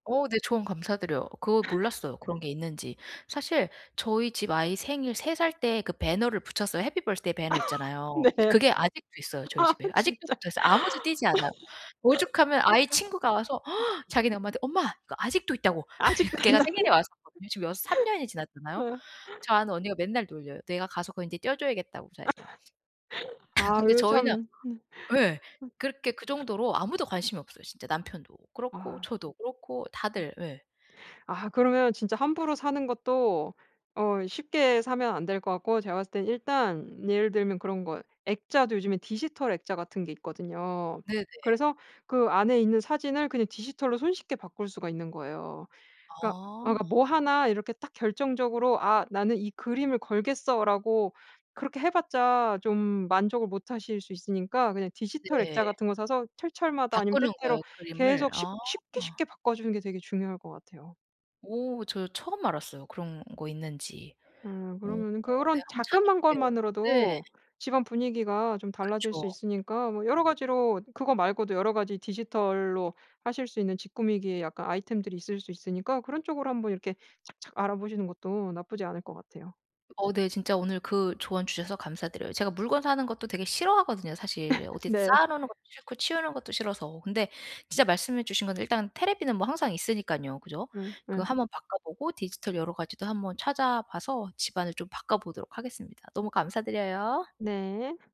어 네 조언 감사드려요. 그걸 몰랐어요, 그런 게 있는지. 사실 저희 집 아이 생일 3 살 때 그 배너를 붙였어요. happy birthday 배너 있잖아요. 네. 그게 아직도 있어요 저희 아 집에. 아직도 진짜. 붙어있어요. 아무도 떼지 않아요. 오죽하면 아이 친구가 와서 자기네 엄마한테 “엄마 이거 아직도 있다.”고. 아직도 걔가 안나 생일에 왔었거든요. 지금 6 3 년이 지났잖아요. 예. 저 아는 언니가 맨날 놀려요. “내가 가서 그거 인제 떼어줘야겠다.”고 아. 자기가. 아 근데 이거 저희는 참. 예. 그렇게 그 정도로 아무도 관심이 없어요. 진짜 남편도 그렇고 아. 저도 그렇고 다들. 예. 아 그러면 진짜 함부로 사는 것도 어 쉽게 사면 안 될 것 같고 제가 봤을 때는 일단 예를 들면 그런 거 액자도 요즘에 디지털 액자 같은 게 있거든요. 네네. 그래서 그 안에 있는 사진을 그냥 디지털로 손쉽게 바꿀 수가 있는 거예요. 그러니까 아 아. 뭐 1 이렇게 딱 결정적으로 아 ‘나는 이 그림을 걸겠어.’라고 그렇게 해봤자 좀 만족을 못 하실 수 있으니까 그냥 디지털 액자 네. 같은 거 사서 철철마다 아니면 바꾸는 때때로 거예요 그림을? 계속 쉽 아. 쉽게, 쉽게 바꿔주는 게 되게 중요할 것 같아요. 오 저 처음 알았어요, 그런 거 있는지. 아 오. 그러면은 네 그런 한번 자그만 찾아볼게요. 네. 것만으로도 집안 분위기가 좀 달라질 그쵸. 수 있으니까 뭐 여러 가지로 그거 말고도 여러 가지 디지털로 하실 수 있는 집 꾸미기의 약간 아이템들이 있을 수 있으니까 그런 쪽으로 한번 이렇게 착착 알아보시는 것도 나쁘지 않을 것 같아요. 어 네 진짜 오늘 그 조언 주셔서 감사드려요. 제가 물건 사는 것도 되게 싫어하거든요 사실. 어디 네. 쌓아 놓는 것도 싫고 치우는 것도 싫어서. 근데 진짜 말씀해 주신 건데 일단 텔레비전은 뭐 항상 있으니깐요. 그쵸? 예 그 예. 한번 바꿔보고 디지털 여러 가지도 한번 찾아봐서 집안을 좀 바꿔보도록 하겠습니다. 너무 감사드려요. 네.